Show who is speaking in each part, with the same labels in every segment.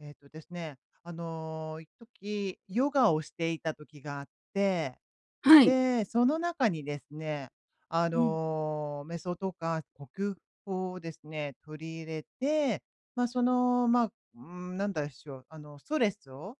Speaker 1: えっとですね、あの、一時、ヨガをしていた時があって、
Speaker 2: はい。
Speaker 1: で、その中にですね、あ
Speaker 2: うん。
Speaker 1: の、メソとか呼吸法をですね、取り入れて、ま、その、まあ、うーん、なんだしょう、あの、ストレスを、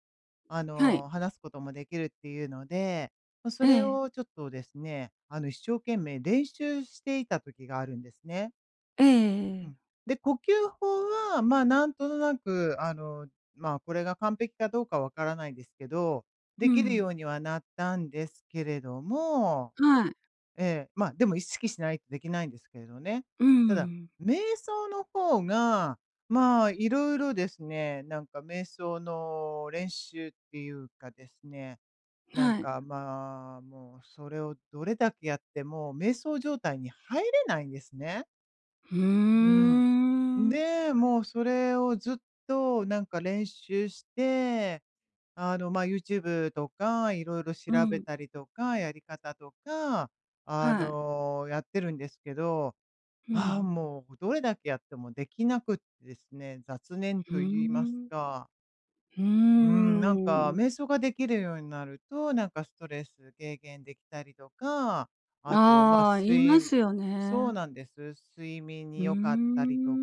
Speaker 1: あ
Speaker 2: はい。
Speaker 1: の、放すこともできるっていうので、まあ、それ
Speaker 2: ええ。
Speaker 1: をちょっとですね、あの、一生懸命練習していた時があるんですね。
Speaker 2: えええええええ
Speaker 1: う
Speaker 2: え。
Speaker 1: ん。で、呼吸法はまあ、何となくあの、まあ、これが完璧かどうか分からないですけど、
Speaker 2: う
Speaker 1: できるよ
Speaker 2: ん。
Speaker 1: うにはなったんですけれども
Speaker 2: はい。
Speaker 1: ええ、まあ、でも意識しないとできないんですけれどね。
Speaker 2: う
Speaker 1: ただ、
Speaker 2: ん。
Speaker 1: 瞑想の方が、まあ、色々ですね、なんか瞑想の練習っていうかですね、なん
Speaker 2: はい。
Speaker 1: か、まあ、もうそれをどれだけやっても瞑想状態に入れないんですね。
Speaker 2: う
Speaker 1: うん。
Speaker 2: ーん。
Speaker 1: で、もうそれをずっとなんか練習して、あの、まあ、ユーチューブとか、色々調
Speaker 2: う
Speaker 1: べ
Speaker 2: ん。
Speaker 1: たりとか、やり方とか、あ
Speaker 2: はい。
Speaker 1: の、やってるんですけど、
Speaker 2: う
Speaker 1: ああ、
Speaker 2: ん。
Speaker 1: もうどれだけやってもできなくってですね、雑念
Speaker 2: ふー
Speaker 1: と言います
Speaker 2: ん。
Speaker 1: か。
Speaker 2: うー
Speaker 1: うーん、なんか
Speaker 2: ん。
Speaker 1: 瞑想ができるようになると、なんかストレス軽減できたりとか、あとまあ、
Speaker 2: ああ、言
Speaker 1: す
Speaker 2: いま
Speaker 1: い
Speaker 2: すよ
Speaker 1: そう
Speaker 2: ね。
Speaker 1: なんです、睡眠
Speaker 2: う
Speaker 1: に
Speaker 2: ー
Speaker 1: 良かったりと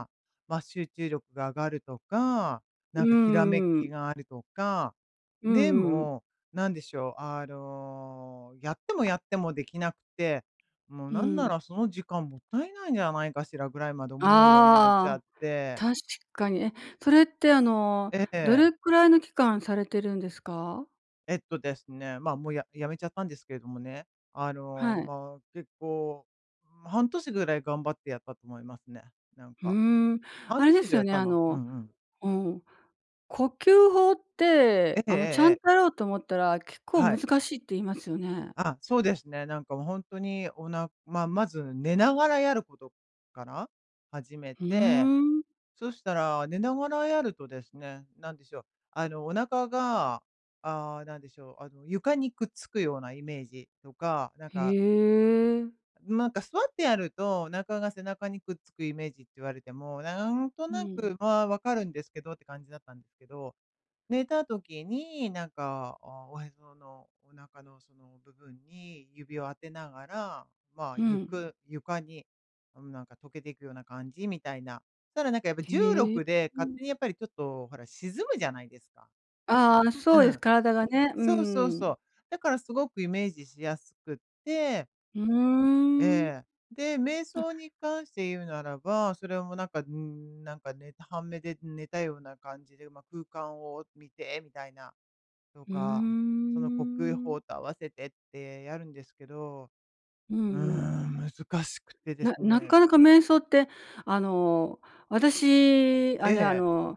Speaker 2: ん。
Speaker 1: まあ、集中力が上がるとか、
Speaker 2: う
Speaker 1: なんかひらめ
Speaker 2: ー
Speaker 1: き
Speaker 2: ん。
Speaker 1: があるとか、
Speaker 2: うんう
Speaker 1: で
Speaker 2: んうん。
Speaker 1: も、なんでしょう、あの、やってもやってもできなくて、もう
Speaker 2: う
Speaker 1: なんな
Speaker 2: ん。
Speaker 1: らその時間もったいないんじゃないかしらぐらいまで思うようになっちゃ
Speaker 2: あ
Speaker 1: っ
Speaker 2: あ、
Speaker 1: て
Speaker 2: 確かに。え、それってあの
Speaker 1: え
Speaker 2: ど
Speaker 1: え。
Speaker 2: れくらいの期間されてるんですか？
Speaker 1: えっとですね、ま、もう、や辞めちゃったんですけれどもね、あの、
Speaker 2: はい。
Speaker 1: まあ結構、ま、半年ぐらい頑張ってやったと思いますね、なん
Speaker 2: ふ
Speaker 1: か。
Speaker 2: ーん、
Speaker 1: 半
Speaker 2: あれ
Speaker 1: 年
Speaker 2: で
Speaker 1: 以
Speaker 2: す
Speaker 1: 上
Speaker 2: よ
Speaker 1: やっ
Speaker 2: ね、
Speaker 1: た
Speaker 2: あ
Speaker 1: な。う
Speaker 2: の
Speaker 1: んうん。
Speaker 2: うん。呼吸法っ
Speaker 1: え、
Speaker 2: て、
Speaker 1: えええ
Speaker 2: あの、ちゃん
Speaker 1: え。
Speaker 2: とやろうと思ったら結構
Speaker 1: は
Speaker 2: 難
Speaker 1: い。
Speaker 2: しいって言いますよね。
Speaker 1: あ、そうですね、なんか、もう、ほんとにおなまあ、まず寝ながらやることから始め
Speaker 2: ふー
Speaker 1: て、
Speaker 2: ん。
Speaker 1: そしたら、寝ながらやるとですね、なんでしょう、あの、お腹が、ああ、なんでしょう、あの、床にくっつくようなイメージとか、なん
Speaker 2: へ
Speaker 1: か
Speaker 2: え。
Speaker 1: ん、なんか、座ってやると、お腹が背中にくっつくイメージって言われても、なんと
Speaker 2: う
Speaker 1: な
Speaker 2: ん。
Speaker 1: くまあ分かるんですけどって感じだったんですけど、寝た時に、なんか、ああ、おへそのお腹のその、部分に指を当てながら、まあ、
Speaker 2: う
Speaker 1: ゆ
Speaker 2: ん。
Speaker 1: く床に、あのなんか溶けていくような感じみたいな。ただなんか、やっぱ重
Speaker 2: へえ。
Speaker 1: 力で
Speaker 2: う
Speaker 1: 勝
Speaker 2: ん。
Speaker 1: 手にやっぱりちょっとほら、沈むじゃないですか。す
Speaker 2: ああああ、そ
Speaker 1: う
Speaker 2: うです、
Speaker 1: ん。
Speaker 2: 体がね、う
Speaker 1: そうそう
Speaker 2: んう
Speaker 1: そ
Speaker 2: ん。
Speaker 1: う。だからすごくイメージしやすくって、
Speaker 2: う
Speaker 1: え
Speaker 2: ーん。
Speaker 1: え。で、瞑
Speaker 2: あ
Speaker 1: 想に関して言うならば、それもなんか、うーん、なんかね、半目で、ん、寝たような感じで、ま、空間を見て！みたいな、と
Speaker 2: うー
Speaker 1: か、その呼吸
Speaker 2: ん。
Speaker 1: 法と合わせてってやるんですけど。
Speaker 2: うん
Speaker 1: うー
Speaker 2: うん。
Speaker 1: ん、難しくてです
Speaker 2: なな
Speaker 1: ね。
Speaker 2: かなか瞑想ってあの、私、あ
Speaker 1: え
Speaker 2: れあ
Speaker 1: え。
Speaker 2: の、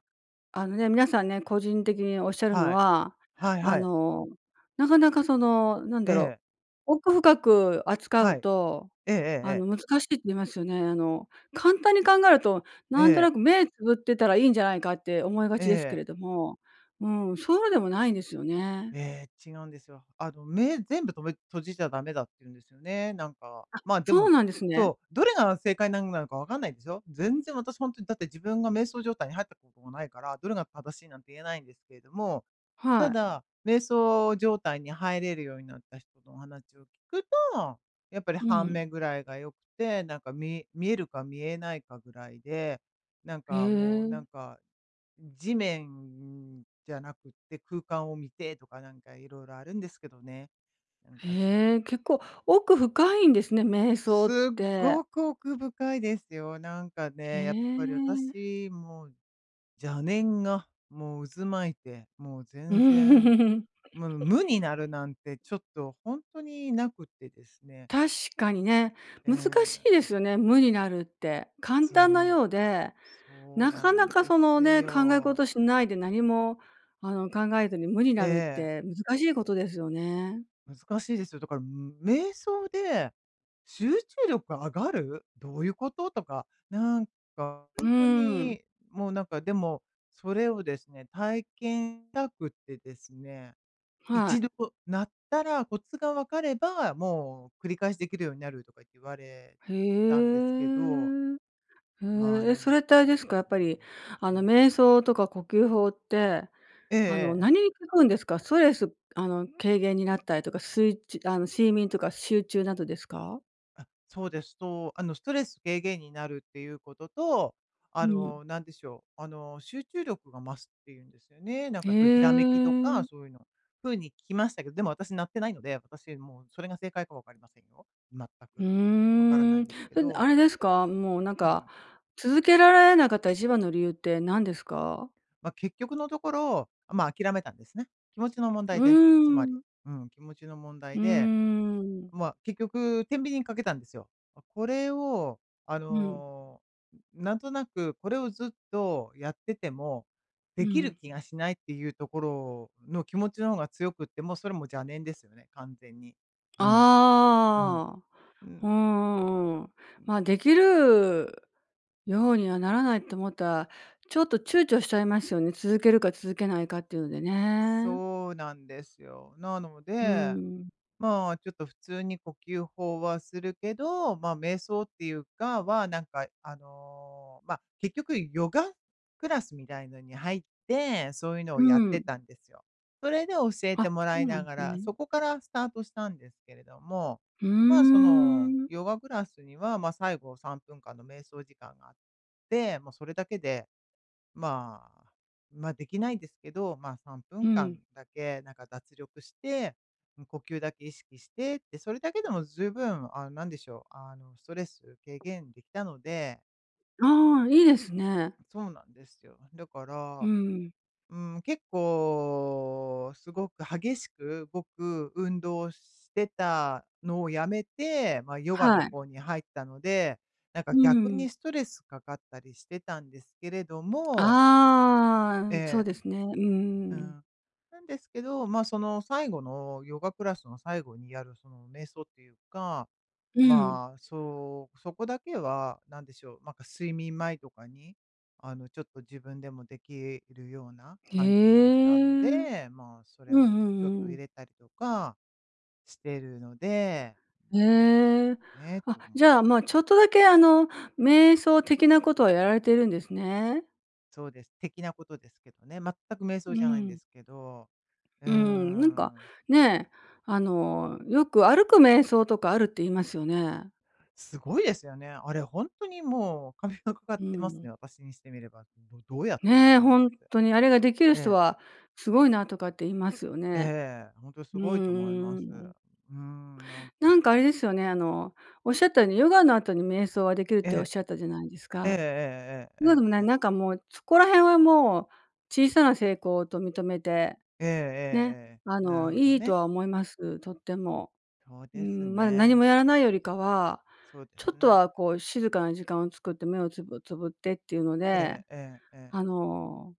Speaker 2: あのね、皆さんね、個人的におっしゃるの
Speaker 1: はい。
Speaker 2: は、
Speaker 1: はい
Speaker 2: あ
Speaker 1: はい。
Speaker 2: の、なかなかその、なん
Speaker 1: え
Speaker 2: だろ
Speaker 1: え。
Speaker 2: う、奥深く扱
Speaker 1: は
Speaker 2: う
Speaker 1: い。
Speaker 2: と、
Speaker 1: えええええ
Speaker 2: あ
Speaker 1: え。
Speaker 2: の、難しいって言いますよね。あの、簡単に考えると
Speaker 1: え
Speaker 2: なんとな
Speaker 1: え。
Speaker 2: く目つぶってたらいいんじゃないかって思いが
Speaker 1: え
Speaker 2: ちですけ
Speaker 1: え。
Speaker 2: れども、うん、そうでもないんですよね。
Speaker 1: ええ、違うんですよ。あの、目、全部とめ閉じちゃ駄目だって言うんですよね、なんか。
Speaker 2: あ、
Speaker 1: まあ、で
Speaker 2: そう
Speaker 1: も
Speaker 2: なんですね。
Speaker 1: そう、どれが正解なんなのか分かんないですよ。全然、私ほんとにだって自分が瞑想状態に入ったことがないから、どれが正しいなんて言えないんですけれども、
Speaker 2: は
Speaker 1: た
Speaker 2: い。
Speaker 1: だ、瞑想状態に入れるようになった人のお話を聞くと、やっぱり
Speaker 2: う
Speaker 1: 半
Speaker 2: ん。
Speaker 1: 目ぐらいが良くて、なんかみ見えるか見えないかぐらいで、なん
Speaker 2: へ
Speaker 1: かもう、なん
Speaker 2: え。
Speaker 1: か地面じゃなくって空間を見て！とかなんか色々あるんですけどね。なんか、そ
Speaker 2: へえ、結構奥深いんですね、瞑想っ
Speaker 1: すっ
Speaker 2: て。
Speaker 1: ごく奥深いですよ。なんか
Speaker 2: へ
Speaker 1: ね、やっ
Speaker 2: え。
Speaker 1: ぱり私、もう、邪念がもう渦巻いて、もう全然、む無に なるなんてちょっとほんとになくってですね。
Speaker 2: 確かにね、
Speaker 1: え
Speaker 2: 難しいで
Speaker 1: え、ん。
Speaker 2: すよね、無になるって。簡
Speaker 1: つう
Speaker 2: 単な
Speaker 1: ん
Speaker 2: ようで、
Speaker 1: そう
Speaker 2: な
Speaker 1: な
Speaker 2: かな
Speaker 1: ん
Speaker 2: か
Speaker 1: で
Speaker 2: その
Speaker 1: す
Speaker 2: ね、考え
Speaker 1: よ。
Speaker 2: 事しないで何も、あの、考えずに無に
Speaker 1: え
Speaker 2: なるっ
Speaker 1: え。
Speaker 2: て難しいことですよね。
Speaker 1: 難しいですよ。だから、む瞑想で集中力、上がる？どういうこと？とか、なんか
Speaker 2: う
Speaker 1: ほ
Speaker 2: ー
Speaker 1: んと
Speaker 2: ん。
Speaker 1: に、もうなんか、でも、それをですね、体験したくってですね、
Speaker 2: は
Speaker 1: 一
Speaker 2: い。
Speaker 1: 度なったら、コツが分かれば、もう繰り返しできるようになるとかいって言われ
Speaker 2: へ
Speaker 1: たんですけど。
Speaker 2: え。
Speaker 1: まあ、
Speaker 2: へ、え、
Speaker 1: な
Speaker 2: そ
Speaker 1: ん
Speaker 2: れってあれ
Speaker 1: か
Speaker 2: です
Speaker 1: で
Speaker 2: か？や
Speaker 1: す
Speaker 2: っぱ
Speaker 1: ね
Speaker 2: りあの、
Speaker 1: ええ。
Speaker 2: 瞑想とか呼吸法って
Speaker 1: えええ
Speaker 2: あの、
Speaker 1: え、え。
Speaker 2: 何に効くんですか？ストレス、あの、軽減になったりとか、スイッチあの、睡眠とか集中などですか？
Speaker 1: あ、そうですと、あの、ストレス軽減になるっていうことと、あ
Speaker 2: うん。
Speaker 1: の、なんでしょう、あの、集中力が増すっていうんですよね。なん
Speaker 2: へ
Speaker 1: かそういう閃きとか
Speaker 2: え。
Speaker 1: そういうの。ふうに聞きましたけど、でも私なってないので。私もう、それが正解か分かりませんよ。全
Speaker 2: ふ
Speaker 1: く。わからな
Speaker 2: ー
Speaker 1: い
Speaker 2: ん。
Speaker 1: んですけ
Speaker 2: [unintelligible] あ
Speaker 1: ど
Speaker 2: れですか？もうなん
Speaker 1: ん。う
Speaker 2: か、
Speaker 1: ん。
Speaker 2: 続けられなかった一番の理由って何ですか？
Speaker 1: まあ、結局のところ、まあ、諦めたんですね。気持ちの問
Speaker 2: う
Speaker 1: 題
Speaker 2: ー
Speaker 1: です。つまり、
Speaker 2: ん。
Speaker 1: うん。気持ちの問
Speaker 2: う
Speaker 1: 題で、
Speaker 2: ーん。
Speaker 1: まあ結局、天秤にかけたんですよ。あ、これをあ
Speaker 2: うん。
Speaker 1: の、なんとなくこれをずっとやってても、
Speaker 2: う
Speaker 1: できる
Speaker 2: ん。
Speaker 1: 気がしない、っていうところの気持ちの方が強くって。もう、それも邪念ですよね、完全に。うん。うん。
Speaker 2: ああ。
Speaker 1: う
Speaker 2: う
Speaker 1: ん。
Speaker 2: んうんうんうん。
Speaker 1: うん。
Speaker 2: まあ、できるようにはならないと思ったら、ちょっと躊躇しちゃいますよね。続けるか続けないかっていうのでね。
Speaker 1: そうなんですよ。なの
Speaker 2: う
Speaker 1: で、
Speaker 2: ん。
Speaker 1: まあ、ちょっと普通に呼吸法はするけど、まあ、瞑想っていうかは、なんかあの、まあ結局、ヨガクラスみたいのに入って、そういうの
Speaker 2: う
Speaker 1: をやって
Speaker 2: ん。
Speaker 1: たんですよ。それで教え
Speaker 2: あ、
Speaker 1: ても
Speaker 2: そ
Speaker 1: らい
Speaker 2: うなん
Speaker 1: な
Speaker 2: で
Speaker 1: が
Speaker 2: す
Speaker 1: ら、
Speaker 2: ね。
Speaker 1: そこからスタートしたんですけれども。
Speaker 2: ふー
Speaker 1: まあ、その
Speaker 2: ん。
Speaker 1: ヨガクラスには、まあ、最後3分間の瞑想時間があって、まあそれだけで、まあ、まあできないですけど、まあさんぷ
Speaker 2: う
Speaker 1: んかん
Speaker 2: ん。
Speaker 1: だけなんか脱力して、呼吸だけ意識してって、それだけでも十分、あの、何でしょう、あの、ストレス軽減できたので。
Speaker 2: ああ、いいですね。
Speaker 1: そうなんですよ。だか
Speaker 2: う
Speaker 1: ら、
Speaker 2: ん。
Speaker 1: うーん、結構すごく激しく動く運動してたのを辞めて、まあ、ヨガ
Speaker 2: は
Speaker 1: の
Speaker 2: い。
Speaker 1: 方に入ったので、なんか
Speaker 2: う
Speaker 1: 逆
Speaker 2: ん。
Speaker 1: にストレスかかったりしてたんですけれども
Speaker 2: あ
Speaker 1: え
Speaker 2: あ、そう
Speaker 1: え。
Speaker 2: ですね。う
Speaker 1: う
Speaker 2: んうん。
Speaker 1: ん。なんですけど、まあ、その、最後のヨガクラスの最後にやるその、瞑想っていうか、
Speaker 2: うん。
Speaker 1: まあ、そう、そこだけは、なんでしょう、なんか睡眠前とかに、あの、ちょっと自分でもできるような
Speaker 2: へ
Speaker 1: 感じもした
Speaker 2: え。
Speaker 1: の
Speaker 2: うん
Speaker 1: で、まあ、それ
Speaker 2: う
Speaker 1: をちょっと
Speaker 2: んう
Speaker 1: 入
Speaker 2: ん。
Speaker 1: れたりとかしてるので、まあ、
Speaker 2: へえ、
Speaker 1: ええ、
Speaker 2: あ、
Speaker 1: と思っ
Speaker 2: じゃあ、
Speaker 1: て。
Speaker 2: ま、ちょっとだけあの瞑想的なことはやられてるんですね。
Speaker 1: そうです、的なことですけどね。全く瞑想
Speaker 2: う
Speaker 1: じゃないんで
Speaker 2: ん。
Speaker 1: すけど、うー
Speaker 2: うん、なんか、
Speaker 1: ん。
Speaker 2: ね、あの、よく歩く瞑想とかあるって言いますよね。
Speaker 1: すごいですよね。あれほんとにもう、お金がかかっ
Speaker 2: う
Speaker 1: てます
Speaker 2: ん。
Speaker 1: ね、私にしてみれば。どどうやってって
Speaker 2: ね、
Speaker 1: 感じ
Speaker 2: ほん
Speaker 1: です。
Speaker 2: とにあれができる
Speaker 1: え
Speaker 2: 人
Speaker 1: え。
Speaker 2: はすごいなとかって言いますよね。
Speaker 1: ええ、ほんとす
Speaker 2: う
Speaker 1: ごいと思い
Speaker 2: ん
Speaker 1: ま
Speaker 2: う
Speaker 1: す。う
Speaker 2: ん。
Speaker 1: ーん、なん
Speaker 2: なん
Speaker 1: か。
Speaker 2: かあれですよね、あの、おっしゃったようにヨガの後に瞑想はできるっ
Speaker 1: え
Speaker 2: ておっ
Speaker 1: え。
Speaker 2: しゃったじゃないです
Speaker 1: ええ
Speaker 2: か。
Speaker 1: ええええ
Speaker 2: [unintelligible]
Speaker 1: ええええ。
Speaker 2: なんかもうそこら辺はもう小さな成功と認めて、
Speaker 1: えええ
Speaker 2: ね、
Speaker 1: えええ。
Speaker 2: あ
Speaker 1: なる
Speaker 2: の
Speaker 1: ほど
Speaker 2: いいと
Speaker 1: ね。
Speaker 2: は思います、とっても。
Speaker 1: そう
Speaker 2: うー
Speaker 1: です
Speaker 2: ん、ま、何
Speaker 1: ね。
Speaker 2: もやらないよりかは、
Speaker 1: そうで
Speaker 2: ちょ
Speaker 1: す
Speaker 2: っと
Speaker 1: な。
Speaker 2: はこう静かな時間を作って目をつぶつぶってっていうの
Speaker 1: え
Speaker 2: で、
Speaker 1: えええええ。
Speaker 2: あの、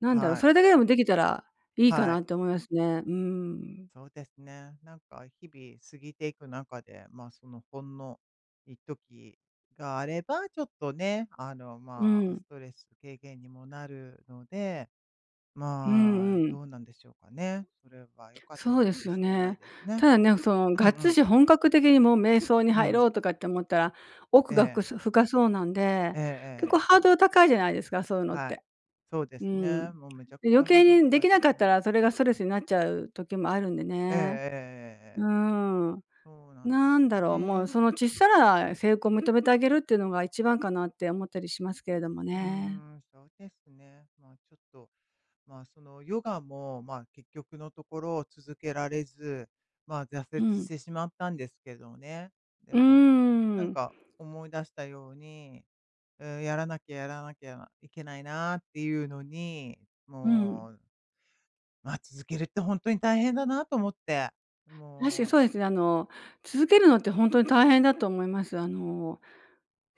Speaker 2: なんだろ、
Speaker 1: はい。
Speaker 2: それだけでもできたらいいか
Speaker 1: はい。
Speaker 2: なって思いますね、うーん。
Speaker 1: そうですね、なんか日々過ぎていく中で、まあ、そのほんの一時があれば、ちょっとね、あの、
Speaker 2: う
Speaker 1: まあ、
Speaker 2: ん。
Speaker 1: ストレス軽減にもなるので、
Speaker 2: う
Speaker 1: まあ、
Speaker 2: んうん。
Speaker 1: どうなんでしょうかね。それは良かった
Speaker 2: そ
Speaker 1: の
Speaker 2: うで
Speaker 1: か
Speaker 2: す
Speaker 1: も
Speaker 2: よ
Speaker 1: しれない
Speaker 2: ね。
Speaker 1: ですね。
Speaker 2: ただね、その
Speaker 1: う
Speaker 2: が
Speaker 1: んう
Speaker 2: っつ
Speaker 1: ん。
Speaker 2: し本格的にもう瞑想に
Speaker 1: う
Speaker 2: 入ろ
Speaker 1: ん。
Speaker 2: うとかって思ったら、奥
Speaker 1: え
Speaker 2: がふか
Speaker 1: え。
Speaker 2: 深そうなんで、
Speaker 1: ええ、え
Speaker 2: 結
Speaker 1: ええ
Speaker 2: 構
Speaker 1: え。
Speaker 2: ハードル高いじゃないですか、そういうのっ
Speaker 1: はい、
Speaker 2: て。
Speaker 1: そうで
Speaker 2: う
Speaker 1: す
Speaker 2: ーん。
Speaker 1: ね。もうめちゃくち
Speaker 2: 余
Speaker 1: ゃハー
Speaker 2: 計
Speaker 1: ドル
Speaker 2: にで
Speaker 1: 高い
Speaker 2: き
Speaker 1: で
Speaker 2: な
Speaker 1: す
Speaker 2: かった
Speaker 1: ね。
Speaker 2: らそれがストレスになっちゃう時もあるんで
Speaker 1: ええ
Speaker 2: ね。う
Speaker 1: ええええええ。
Speaker 2: ーん。
Speaker 1: そうなんで
Speaker 2: な
Speaker 1: す
Speaker 2: ん
Speaker 1: よ
Speaker 2: だろう、もう
Speaker 1: ね。
Speaker 2: そのちっさな成功を認めてあげるっていうのが一番かなって思ったりしますけれども
Speaker 1: うー
Speaker 2: ね。
Speaker 1: ん、そうですね、まあちょっと、まあ、その、ヨガも、まあ、結局のところ、続けられず、まあ、挫
Speaker 2: う
Speaker 1: 折し
Speaker 2: ん。
Speaker 1: てしまったんですけどね。で
Speaker 2: うー
Speaker 1: も、なん
Speaker 2: ん。
Speaker 1: か思い出したように、うーん、やらなきゃやらなきゃいけないなっていうのに、
Speaker 2: うん。
Speaker 1: もう、ま、続けるって本当に大変だなと思って、
Speaker 2: 確かにそ
Speaker 1: も
Speaker 2: う
Speaker 1: う。
Speaker 2: ですね。あの、続けるのってほんとに大変だと思います。あの、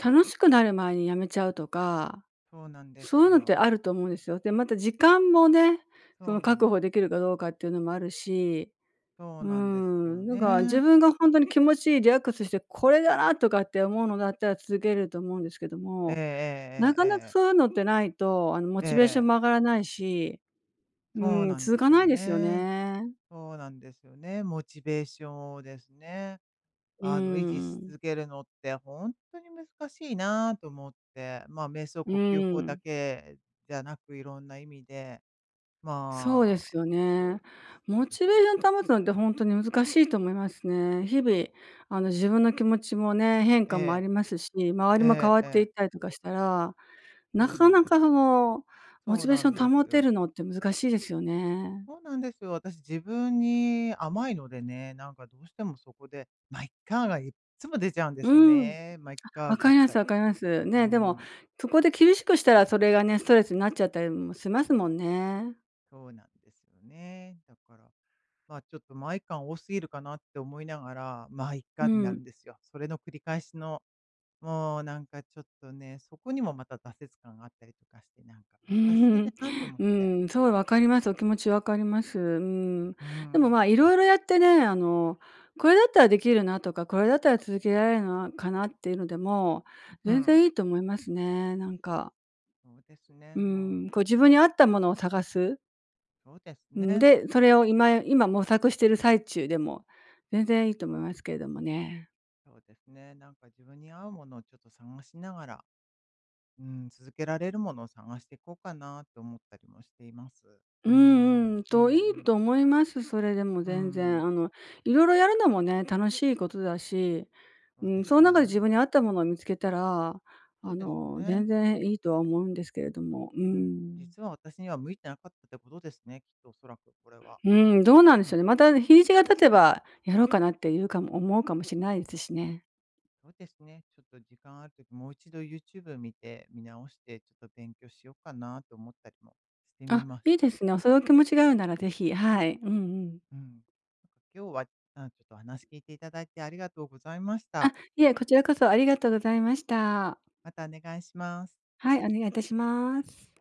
Speaker 2: 楽しくなる前に辞めちゃうとか、
Speaker 1: そうなんで
Speaker 2: そうい
Speaker 1: す
Speaker 2: うのって
Speaker 1: よ。
Speaker 2: あると思うんですよ。で、また時間もね、そ
Speaker 1: そ
Speaker 2: の
Speaker 1: うなん
Speaker 2: 確
Speaker 1: で
Speaker 2: 保で
Speaker 1: す。
Speaker 2: きるかどうかっていうのもあるし、
Speaker 1: そ
Speaker 2: う
Speaker 1: う
Speaker 2: ー
Speaker 1: なんですよ
Speaker 2: ん、なんか自
Speaker 1: ね。
Speaker 2: 分が本当に気持ちいいリラックスして「これだな」とかって思うのだったら続けれると思うんですけど
Speaker 1: ええ
Speaker 2: も、な
Speaker 1: ええ
Speaker 2: か
Speaker 1: え
Speaker 2: な
Speaker 1: え
Speaker 2: か
Speaker 1: ええ。
Speaker 2: そういうのってないと、あの、モ
Speaker 1: え
Speaker 2: チベーション
Speaker 1: え。
Speaker 2: も上がらないし、うー
Speaker 1: そう
Speaker 2: ん、
Speaker 1: なん
Speaker 2: 続
Speaker 1: で
Speaker 2: か
Speaker 1: す
Speaker 2: ない
Speaker 1: よ
Speaker 2: ですよ
Speaker 1: ね、
Speaker 2: ね。
Speaker 1: そうなんですよね、モチベーショですね。
Speaker 2: うー
Speaker 1: あの、維持し
Speaker 2: ん。
Speaker 1: 続けるのってほんとに難しいなあと思って、まあ、瞑想
Speaker 2: う
Speaker 1: 呼吸
Speaker 2: ー
Speaker 1: 法だ
Speaker 2: ん。
Speaker 1: けじゃなく、色んな意味で、
Speaker 2: そうで
Speaker 1: ま
Speaker 2: す
Speaker 1: あ、
Speaker 2: よ
Speaker 1: そう
Speaker 2: ね。
Speaker 1: な
Speaker 2: モ
Speaker 1: んで
Speaker 2: チベ
Speaker 1: す。
Speaker 2: ーション保つのってほんとに難しいと思いますね。日々、あの自分の気持ちもね、変化
Speaker 1: え
Speaker 2: もあ
Speaker 1: え。
Speaker 2: りますし、周り
Speaker 1: え
Speaker 2: も変
Speaker 1: え、
Speaker 2: わっ
Speaker 1: え
Speaker 2: てい
Speaker 1: え。
Speaker 2: ったりとかしたら、な
Speaker 1: そう
Speaker 2: か
Speaker 1: なん
Speaker 2: な
Speaker 1: で
Speaker 2: か
Speaker 1: すよ。
Speaker 2: のモ
Speaker 1: そ
Speaker 2: チ
Speaker 1: う
Speaker 2: ベー
Speaker 1: な
Speaker 2: シ
Speaker 1: ん
Speaker 2: ョ
Speaker 1: で
Speaker 2: ン保
Speaker 1: す
Speaker 2: て
Speaker 1: よ。
Speaker 2: るのって難しいですよね。
Speaker 1: そうなんですよ。私、自分に甘いのでね、なんかどうしてもそこで「ま、いっか」がいっつも出ちゃうんで
Speaker 2: う
Speaker 1: すよ
Speaker 2: ーん。
Speaker 1: ね「ま、いっ
Speaker 2: あ、
Speaker 1: か」
Speaker 2: 分
Speaker 1: ば
Speaker 2: か
Speaker 1: っ
Speaker 2: ります
Speaker 1: かり。
Speaker 2: 分かります。
Speaker 1: うー
Speaker 2: ね、でも
Speaker 1: ん。
Speaker 2: そこで厳しくしたらそれがね、ストレスになっちゃったりもしますもんね。
Speaker 1: そうなんですよね。だから、まあ、ちょっと、「ま、いっか」多すぎるかなって思いながら、「ま、いっか」
Speaker 2: う
Speaker 1: ってな
Speaker 2: ん。
Speaker 1: るんですよ。それの繰り返しの、もうなんかちょっとね、そこにもまた挫折感があったりとかして、なんか
Speaker 2: うー
Speaker 1: 難しい
Speaker 2: ん、
Speaker 1: なあと思っ
Speaker 2: う
Speaker 1: て。
Speaker 2: ーん、すごい分かります、お気持ち分かります。うーん。
Speaker 1: うー
Speaker 2: でもま、
Speaker 1: ん。
Speaker 2: 色々やってね、あの、これだったらできるなとか、これだったら続けられるのな、かなっていうのでも
Speaker 1: う
Speaker 2: 全
Speaker 1: ん。
Speaker 2: 然いいと思いますね、なんか。
Speaker 1: そうです
Speaker 2: う
Speaker 1: ね、もう
Speaker 2: ーん、
Speaker 1: ちょ
Speaker 2: こう
Speaker 1: っ
Speaker 2: 自分
Speaker 1: と
Speaker 2: に合ったものを探す。
Speaker 1: そうです
Speaker 2: うん、
Speaker 1: ね。
Speaker 2: で、それを今今模索している最中でも全然いいと思いますけれどもね。
Speaker 1: そうですね、なんか自分に合うものをちょっと探しながら、うん、続けられるものを探していこうかなと思ったりもしています。う
Speaker 2: う
Speaker 1: ー
Speaker 2: ー
Speaker 1: ん、
Speaker 2: ん、うん、
Speaker 1: うんう
Speaker 2: と、いい
Speaker 1: ん。
Speaker 2: と思います、それでも
Speaker 1: うー
Speaker 2: 全
Speaker 1: ん。
Speaker 2: 然。あの色々やるのもね、楽しいことだし、
Speaker 1: そ
Speaker 2: う
Speaker 1: う
Speaker 2: ー
Speaker 1: で
Speaker 2: ん、
Speaker 1: す
Speaker 2: そん中で自
Speaker 1: ね。
Speaker 2: 分に合ったものを見つけたら、
Speaker 1: そう
Speaker 2: あ
Speaker 1: です
Speaker 2: の
Speaker 1: ね。
Speaker 2: 全然いいとは思うんですけれども。うー
Speaker 1: うん、
Speaker 2: ん。
Speaker 1: 実は私には向いてなかったってことですね、きっと恐らくこれは、
Speaker 2: うーん、どうなんで
Speaker 1: う
Speaker 2: しょ
Speaker 1: ん。
Speaker 2: うね。また日にちが経てばやろうかなっていうかも思うかもしれないですしね。
Speaker 1: そうですね、ちょっと時間ある時もう1度ユーチューブ見て見直して、ちょっと勉強しようかなと思ったりもしてみ
Speaker 2: あ、
Speaker 1: まし
Speaker 2: いい
Speaker 1: た。
Speaker 2: ですね。そのお気持ちがあるなら是非、はい。うんうん。
Speaker 1: うん、今日は、なんかちょっと話聞いていただいてありがとうございました。
Speaker 2: あ、いえ、こちらこそありがとうございました。
Speaker 1: またお願いします。
Speaker 2: はい、お願いいたします。